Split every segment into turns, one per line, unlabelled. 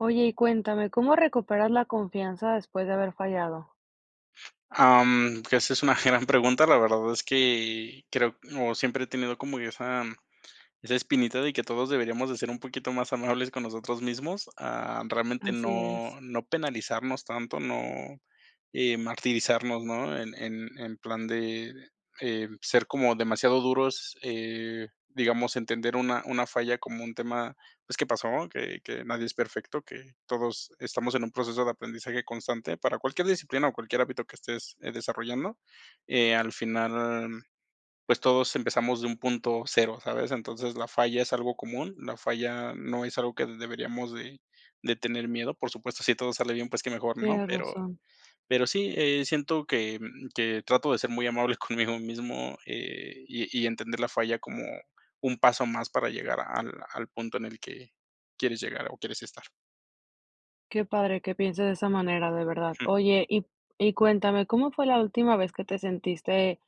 Oye, y cuéntame, ¿cómo recuperas la confianza después de haber fallado?
Ah, mm, esa es una gran pregunta. La verdad es que creo o siempre he tenido yo como esa esa espinita de que todos deberíamos de ser un poquito más amables con nosotros mismos. Ah, realmente
Así es.
no no penalizarnos tanto, no, eh, martirizarnos, ¿no? En en en plan de, eh, ser como demasiado duros, eh, digamos entender una una falla como un tema, pues, que pasó, que que nadie es perfecto, que todos estamos en un proceso de aprendizaje constante para cualquier disciplina o cualquier hábito que estés desarrollando. Eh, al final, pues, todos empezamos de un punto cero, ¿sabes? Entonces, la falla es algo común, la falla no es algo que deberíamos de de tener miedo. Por supuesto, sí todo sale bien, pues qué mejor, ¿no?
Tienes
Pero
razón.
pero sí, eh, siento que que trato de ser muy amable conmigo mismo, eh, y y entender la falla como un paso más para llegar al al punto en el que quieres llegar o quieres estar.
Qué padre que piense de esa manera, de verdad.
Ujú.
Oye, y y cuéntame, ¿cómo fue la última vez que te sentiste,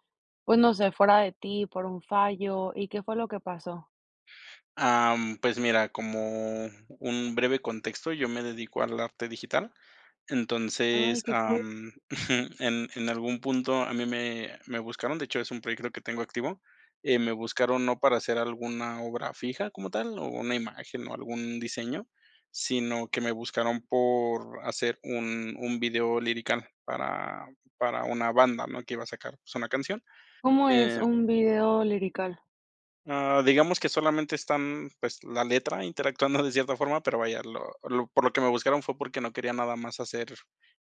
pues, no sé, fuera de ti, por un fallo? ¿Y qué fue lo que pasó?
Ah, mm, pues mira, como un breve contexto, yo me dedico al arte digital.
Ay,
Entonces,
qué
ah,
cool.
mm, en en algún punto a mí me me buscaron, de hecho es un proyecto que tengo activo, eh, me buscaron no para hacer alguna obra fija como tal, o una imagen o algún diseño, sino que me buscaron por hacer un un video lirical para para una banda, ¿no? Que iba a sacar, pues una canción,
¿Cómo es
eh
un video lirical?
Ah, digamos que solamente están, pues, la letra interactuando de cierta forma, pero vaya, lo lo por lo que me buscaron fue porque no quería nada más hacer,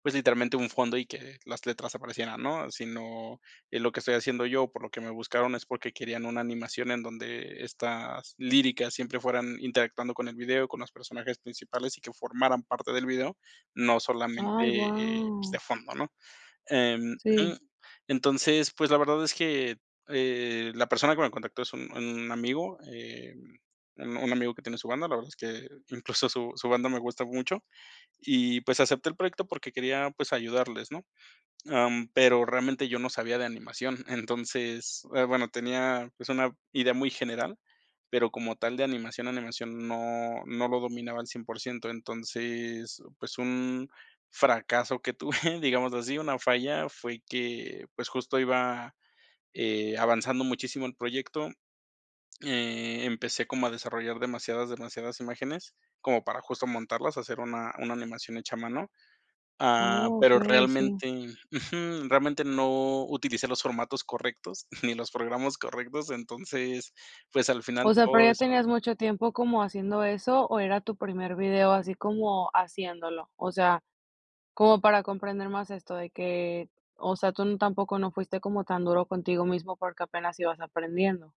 pues, literalmente un fondo y que las letras aparecieran, ¿no? Sino y lo que estoy haciendo yo, por lo que me buscaron, es porque querían una animación en donde estas líricas siempre fueran interactuando con el video, con los personajes principales, y que formaran parte del video, no
Ay,
solamente, eh, pues,
guau.
de fondo. ¿no? Em, mm,
Sí.
entonces, pues, la verdad es que, eh, la persona que me contactó es un un amigo, em, un un amigo que tiene su banda, la verdad es que incluso su su banda me gusta mucho, y, pues, acepté el proyecto porque quería, pues, ayudarles, ¿no? Ah, mm, pero realmente yo no sabía de animación, entonces, eh, bueno, tenía, pues, una idea muy general, pero como tal de animación, animación no no lo dominaba al 100%, entonces, pues, un fracaso que tuve, digamos así, una falla fue que, pues justo iba, eh, avanzando muchísimo el proyecto, eh, empecé como a desarrollar demasiadas, demasiadas imágenes como para justo montarlas, hacer una una animación hecha a mano. Ah,
Oh,
pero
okey. Sí.
realmente Ujú. Realmente no utilicé los formatos correctos ni los programas correctos entonces pues al final
O sea, ¿pero
todo
ya
eso
tenías mucho tiempo como haciendo eso, o era tu primer video, así como haciéndolo? O sea, como para comprender más esto de que, o sea, ¿tun tampoco no fuiste como tan duro contigo mismo porque apenas ibas aprendiendo?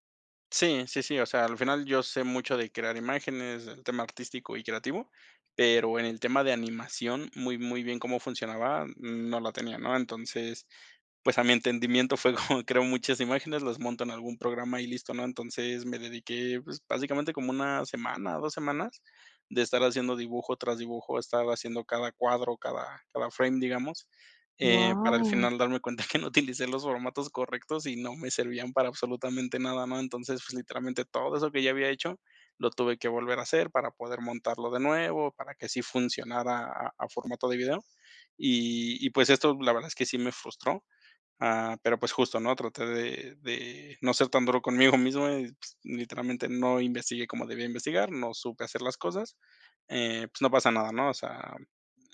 Sí, sí, sí, o sea, al final yo sé mucho de crear imágenes, del tema artístico y creativo, pero en el tema de animación, muy muy bien cómo funcionaba, mm, no la tenía, ¿no? Entonces, pues, a mi entendimiento fue como creo muchas imágenes, las monto en algún programa y listo, ¿no? Entonces, me dediqué, pues, básicamente como 1, semana, o, 2, semanas, de estar haciendo dibujo, tras dibujo, estar haciendo cada cuadro, cada cada frame, digamos, eh, para al
Guau.
final darme cuenta que no utilicé los formatos correctos y no me servían para absolutamente nada, ¿no? Entonces, pues, literalmente todo eso que ya había hecho, lo tuve que volver a hacer para poder montarlo de nuevo, para que así funcionara a a formato de video y y pues, esto la verdad es que sí me frustró, ah, pero pues, justo, ¿no? Traté de de no ser tan duro conmigo mismo, y pues, literalmente no investigué como debía investigar, no supe hacer las cosas. Eh, pues, no pasa nada, ¿no? O sea,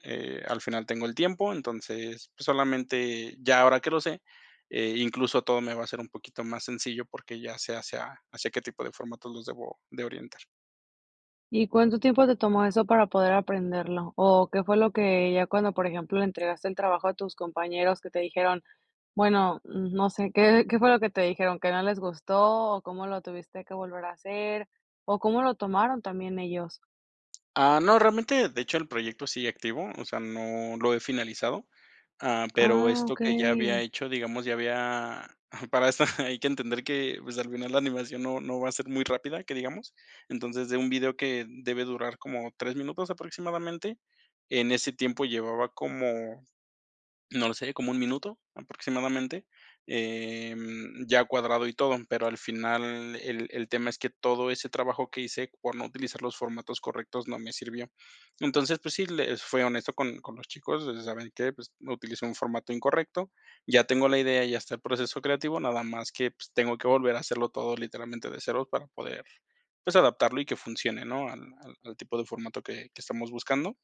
eh, al final tengo el tiempo, entonces, pues, solamente ya ahora que lo sé, eh, incluso todo me va a ser un poquito más sencillo porque ya sé hacia hacia qué tipo de formatos los debo de orientar.
¿Y cuánto tiempo te tomó eso para poder aprenderlo? ¿O qué fue lo que ya, cuando, por ejemplo, entregaste el trabajo a tus compañeros, que te dijeron? Bueno, no sé, ¿qué qué fue lo que te dijeron, qué no les gustó, o cómo lo tuviste que volver a hacer, o cómo lo tomaron también ellos?
Ah, no, realmente, de hecho, el proyecto sigue activo, o sea, no lo he finalizado. Ah, mm, pero
Ah,
esto que ya había
okey.
hecho, digamos, ya había para eso hay que entender que, pues, al final, la animación no no va a ser muy rápida, que digamos. Entonces, de un video que debe durar como 3 minutos aproximadamente, en ese tiempo llevaba como, no sé, como un minuto, aproximadamente, eh, mm, ya cuadrado y todo. Pero, al final, el el tema es que todo ese trabajo que hice, por no utilizar los formatos correctos, no me sirvió. Entonces, pues sí, les fui honesto con con los chicos, o sea, saben que, pues, no, utilicé un formato incorrecto. Ya tengo la idea, ya está el proceso creativo, nada más que, pues, tengo que volver a hacerlo todo, literalmente, de cero, para poder, pues, adaptarlo y que funcione, ¿no?, al al al tipo de formato que que estamos buscando.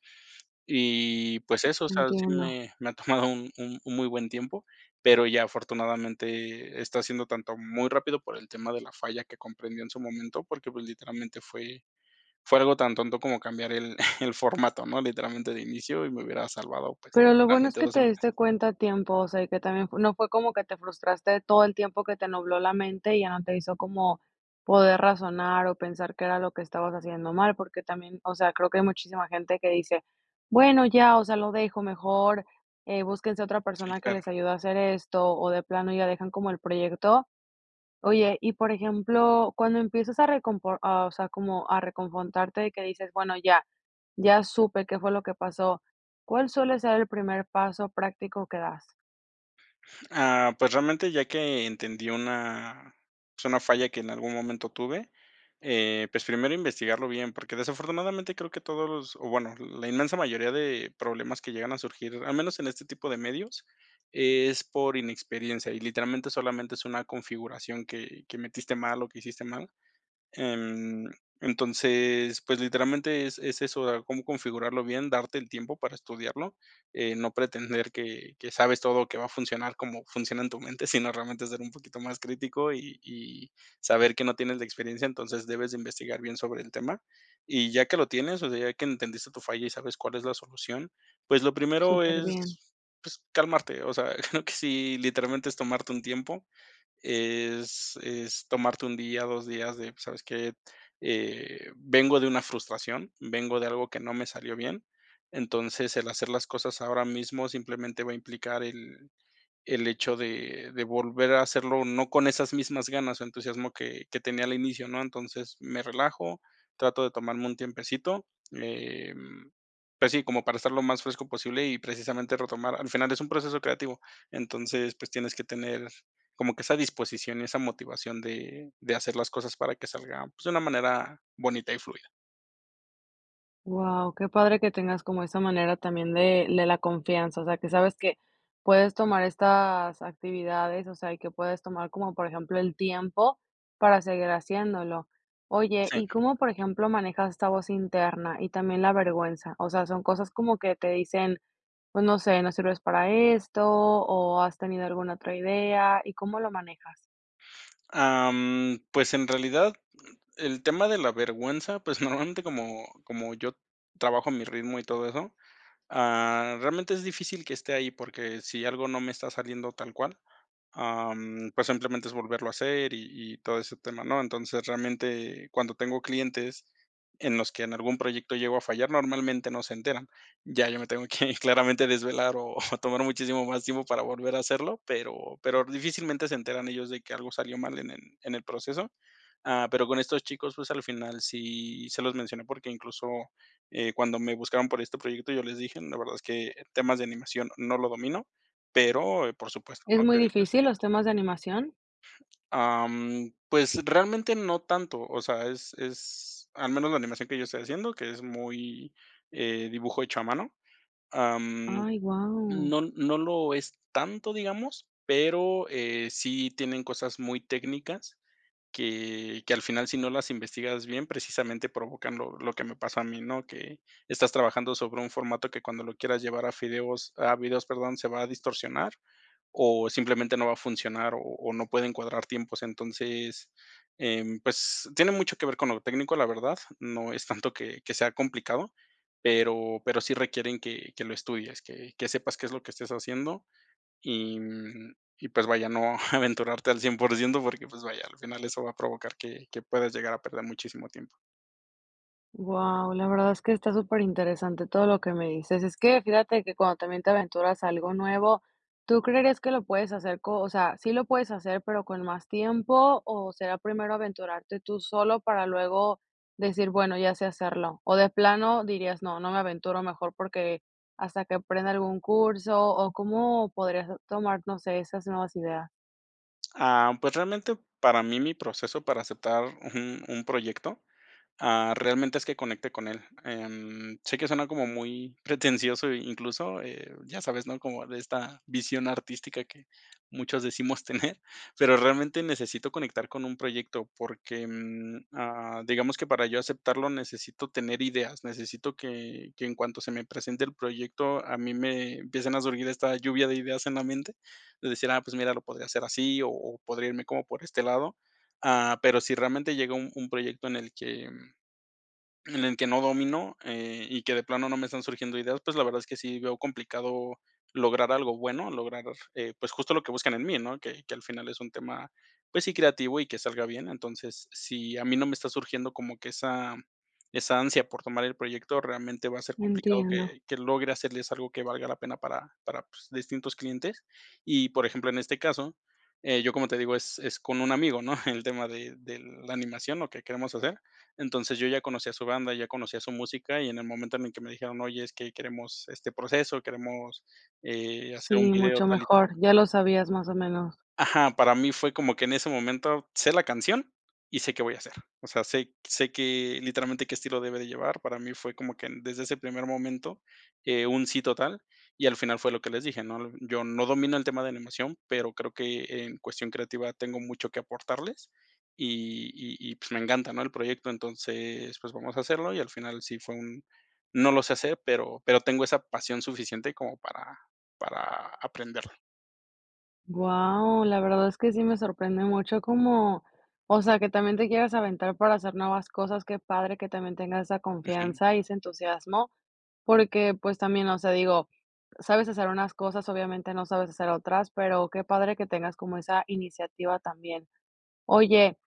Y, pues, eso, o sea, sí
Entiendo.
me me ha tomado un un un muy buen tiempo, pero ya, afortunadamente, está siendo tanto muy rápido por el tema de la falla que comprendió en su momento, porque, pues, literalmente, fue fue algo tan tonto como cambiar el el formato, ¿no? Literalmente, de inicio, y me hubiera salvado, pues,
Pero lo bueno es
realmente,
que
2
te
semanas.
diste cuenta a tiempo, o sea, y que también no fue como que te frustraste todo el tiempo, que te nubló la mente y ya no te hizo como poder razonar o pensar qué era lo que estabas haciendo mal. Porque también, o sea, creo que hay muchísima gente que dice: "Bueno ya, o sea, lo dejo mejor, eh, búsquense otra
Sí,
persona que
claro.
les ayude a hacer esto", o de plano, ya dejan como el proyecto. Oye, y por ejemplo, cuando empiezas a recompor ah, o sea, como a reconfortarte de que dices: "Bueno, ya, ya supe qué fue lo que pasó". ¿Cuál suele ser el primer paso práctico que das?
Ah, pues, realmente, ya que entendí una es una falla que en algún momento tuve. Eh, pues, primero, investigarlo bien, porque, desafortunadamente, creo que todos los, o bueno, la inmensa mayoría de problemas que llegan a surgir, al menos en este tipo de medios, es por inexperiencia y, literalmente, solamente es una configuración que que metiste mal o que hiciste mal. Em, entonces, pues, literalmente, es es eso, de cómo configurarlo bien, darte el tiempo para estudiarlo. Eh, no pretender que que sabes todo, que va a funcionar cómo funciona en tu mente, sino, realmente ser un poquito más crítico y y saber que no tienes la experiencia. Entonces, debes de investigar bien sobre el tema. Y, ya que lo tienes, o sea, ya que entendiste tu falla y sabes cuál es la solución, pues, lo primero
Superbién.
es, pues, calmarte, o sea, creo que sí literalmente, es tomarte un tiempo, es es tomarte 1 día, 2 días de, pues, ¿sabes qué? Eh, vengo de una frustración, vengo de algo que no me salió bien. Entonces, el hacer las cosas ahora mismo simplemente va a implicar el el hecho de de volver a hacerlo, no con esas mismas ganas o entusiasmo que que tenía al inicio, ¿no? Entonces, me relajo, trato de tomarme un tiempecito. Eh, mm, pues, sí, como para estar lo más fresco posible y, precisamente, retomar. Al final, es un proceso creativo. Entonces, pues, tienes que tener como que esa disposición y esa motivación de de hacer las cosas para que salga, pues, de una manera bonita y fluida.
Guau, qué padre que tengas como esa manera también de de la confianza, o sea, que sabes que puedes tomar estas actividades, o sea, y que puedes tomar como, por ejemplo, el tiempo para seguir haciéndolo, oye,
Sí.
¿y cómo, por ejemplo, manejas esta voz interna y también la vergüenza?, o sea, son cosas como que te dicen, pues, no sé: "No sirves para esto" ¿o has tenido alguna otra idea? ¿Y cómo lo manejas?
Em, pues, en realidad, el tema de la vergüenza, pues normalmente como como yo trabajo a mi ritmo y todo eso, ah, realmente es difícil que esté ahí, porque si algo no me está saliendo tal cual, em, pues, simplemente es volverlo a hacer, y y todo ese tema, ¿no?, entonces, realmente, cuando tengo clientes en los que en algún proyecto llego a fallar, normalmente no se enteran, ya yo me tengo que claramente desvelar, o, tomar muchísimo más tiempo para volver a hacerlo, pero pero difícilmente se enteran ellos de que algo salió mal en el en el proceso, ah, pero con estos chicos, pues, al final sí se los mencioné porque incluso, eh, cuando me buscaron por este proyecto yo les dije: "La verdad es que temas de animación no lo domino", pero por supuesto,
¿Es
¿no?,
muy
que les
difícil los
ayudo.
temas de animación?
Ah, mm, pues realmente no tanto, o sea, es es al menos la animación que yo estoy haciendo, que es muy, eh, dibujo hecho a mano. Ah, mm,
Ay, guau.
no no lo es tanto, digamos, pero, eh, sí tienen cosas muy técnicas que que al final, si no las investigas bien, precisamente provocan lo lo que me pasa a mí, ¿no? Que estás trabajando sobre un formato que, cuando lo quieras llevar a fideos, a videos, perdón, se va a distorsionar o simplemente no va a funcionar o o no pueden cuadrar tiempos. Entonces, em, pues, tiene mucho que ver con lo técnico, la verdad, no es tanto que que sea complicado, pero pero sí requieren que que lo estudies, que que sepas qué es lo que estés haciendo, y y, pues vaya, no aventurarte al 100 por ciento, porque, pues vaya, al final eso va a provocar que que puedas llegar a perder muchísimo tiempo.
Guau, la verdad es que está superinteresante todo lo que me dices. Es que, fíjate que cuando también te aventuras a algo nuevo, ¿tú creerías que lo puedes hacer co o sea, sí lo puedes hacer, pero con más tiempo, o será primero aventurarte tú solo para luego decir: "Bueno, ya sé hacerlo", o de plano dirías: "No, no me aventuro mejor porque hasta que aprenda algún curso", o cómo podrías tomar, no sé, esas nuevas ideas?
Ah, pues, realmente, para mí, mi proceso para aceptar un un proyecto, ah, realmente, es que conecte con él. Em, sé que suena como muy pretencioso, incluso, eh, ya sabes, ¿no? Como de esta visión artística que muchos decimos tener, pero realmente necesito conectar con un proyecto porque, mm, ah, digamos que para yo aceptarlo necesito tener ideas, necesito que que en cuanto se me presente el proyecto, a mí me empiecen a surgir esta lluvia de ideas en la mente, de decir: "Ah, pues mira, lo podría hacer así, o o, podría irme como por este lado". Ah, pero si realmente llega un un proyecto en el que en el que no domino, eh, y que de plano no me estárn surgiendo ideas, pues, la verdad es que sí veo complicado lograr algo bueno, lograr, eh, pues, justo lo que buscan en mí, ¿no? Que que al final es un tema, pues sí, creativo y que salga bien. Entonces, si a mí no me está surgiendo como que esa esa ansia por tomar el proyecto, realmente va a ser complicado
Entiendo.
que que logre hacerles algo que valga la pena para para pues, distintos clientes. Y, por ejemplo, en este caso, eh, yo, como te digo, es es con un amigo, ¿no? El tema de de la animación, lo que queremos hacer. Entonces, yo ya conocía su banda, ya conocía su música, y en el momento en el que me dijeron: "Oye, es que queremos este proceso, queremos, eh, hacer un
Sí,
video
mucho
tal y tal".
mejor, ya lo sabías más o menos.
Ajá, para mí fue como que en ese momento sé la canción, y sé qué voy a hacer. O sea, sé sé que literalmente qué estilo debe de llevar. Para mí fue como que desde ese primer momento, eh, un sí total y al final fue lo que les dije, ¿no? Yo no domino el tema de animación, pero creo que en cuestión creativa tengo mucho que aportarles, y y, pues, me encanta, ¿no? El proyecto, entonces, pues, vamos a hacerlo, y al final sí fue un, no lo sé hacer, pero pero tengo esa pasión suficiente como para para aprenderla.
Guau, la verdad es que sí me sorprende mucho cómo, o sea, que también te quieras aventar para hacer nuevas cosas. Qué padre que también tengas esa
Ujú.
confianza y ese entusiasmo, porque, pues, también, o sea, digo, sabes hacer unas cosas, obviamente no sabes hacer otras, pero qué padre que tengas como esa iniciativa también. Oye,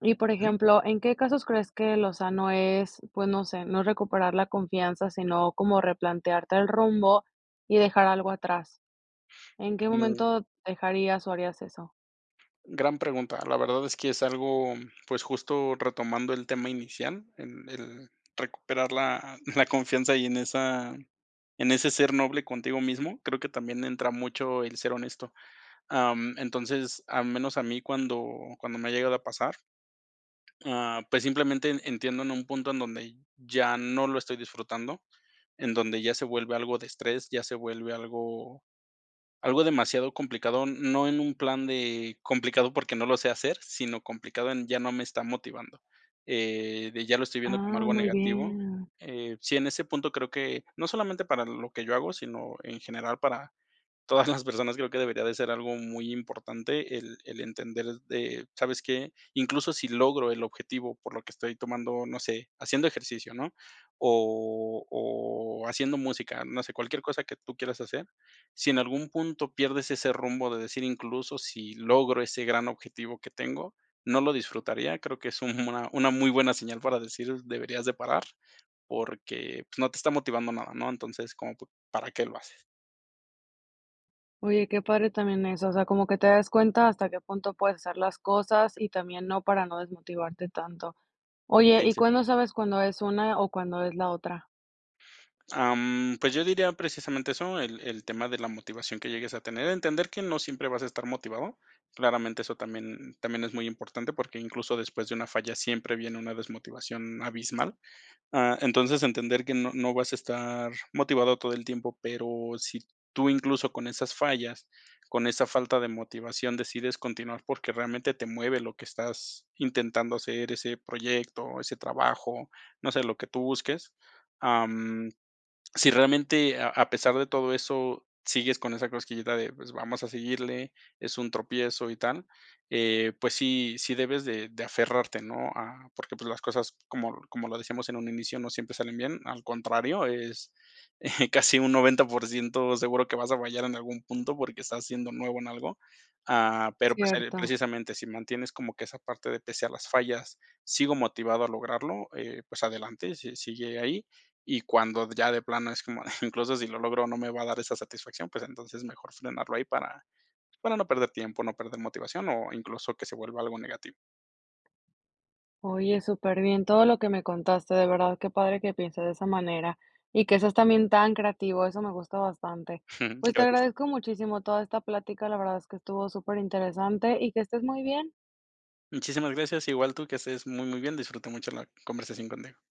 y, por ejemplo, ¿en qué casos crees que lo sano es, pues, no sé, no recuperar la confianza, sino como replantearte el rumbo y dejar algo atrás? ¿En qué
No.
momento dejarías o harías eso?
Gran pregunta. La verdad es que es algo, pues justo retomando el tema inicial, en el recuperar la la confianza y en esa en ese ser noble contigo mismo creo que también entra mucho el ser honesto, em, entonces al menos a mí cuando cuando me ha llegado a pasar, ah, pues simplemente entiendo en un punto en donde ya no lo estoy disfrutando, en donde ya se vuelve algo de estrés, ya se vuelve algo algo demasiado complicado, no en un plan de complicado porque no lo sé hacer, sino complicado en ya no me está motivando, eh, de ya lo estoy viendo como
Ah,
algo
muy
negativo,
bien.
eh, sí, en ese punto creo que no solamente para lo que yo hago, sino en general para todas las personas creo que debería de ser algo muy importante el el entender de, ¿sabes qué? Incluso sí logro el objetivo por lo que estoy tomando, no sé, haciendo ejercicio, ¿no? O o haciendo música, no sé, cualquier cosa que tú quieras hacer, sí en algún punto pierdes ese rumbo de decir: "Incluso si logro ese gran objetivo que tengo, no lo disfrutaría". Creo que es un una una muy buena señal para decir, deberías de parar, porque, pues, no te está motivando nada, ¿no? Entonces, como, pues, ¿para qué lo haces?
Oye, qué padre también eso, o sea, como que te das cuenta hasta qué punto puedes hacer las cosas y también no, para no desmotivarte tanto. Oye,
Sí,
¿y
sí.
cuándo sabes cuándo es una o cuándo es la otra?
Am, pues, yo diría precisamente eso, el el tema de la motivación que llegues a tener. Entender que no siempre vas a estar motivado. Claramente eso también también es muy importante, porque incluso después de una falla siempre viene una desmotivación abismal. Ah, entonces, entender que no no vas a estar motivado todo el tiempo, pero sí tú incluso con esas fallas, con esa falta de motivación decides continuar porque realmente te mueve lo que estás intentando hacer, o ese proyecto, ese trabajo, no sé, lo que tú busques. Am, sí realmente a a pesar de todo eso, sigues con esa cosquillita de, pues, vamos a seguirle, es un tropiezo y tal, eh, pues sí sí debes de de aferrarte, ¿no? Ah, porque, pues, las cosas, como como lo decíamos en un inicio, no siempre salen bien. Al contrario, es, eh, casi un 90% seguro que vas a fallar en algún punto, porque estás siendo nuevo en algo, ah, pero, pues,
Cierto.
precisamente, sí mantienes como que esa parte de pese a las fallas, sigo motivado a lograrlo, eh, pues, adelante, si sigue ahí. Y cuando ya de plano es como, incluso si lo logro o no me va a dar esa satisfacción, pues, entonces mejor frenarlo ahí para, pues, para no perder tiempo, no perder motivación o incluso que se vuelva algo negativo.
Oye súper bien todo lo que me contaste. De verdad qué padre que piense de esa manera y que seas también tan creativo, eso me gusta bastante. Pues, te
Gracias.
agradezco muchísimo toda esta plática, la verdad es que estuvo súper interesante y que estés muy bien.
Muchísimas gracias, igual tú, que estés muy muy bien, disfruté mucho la conversación contigo.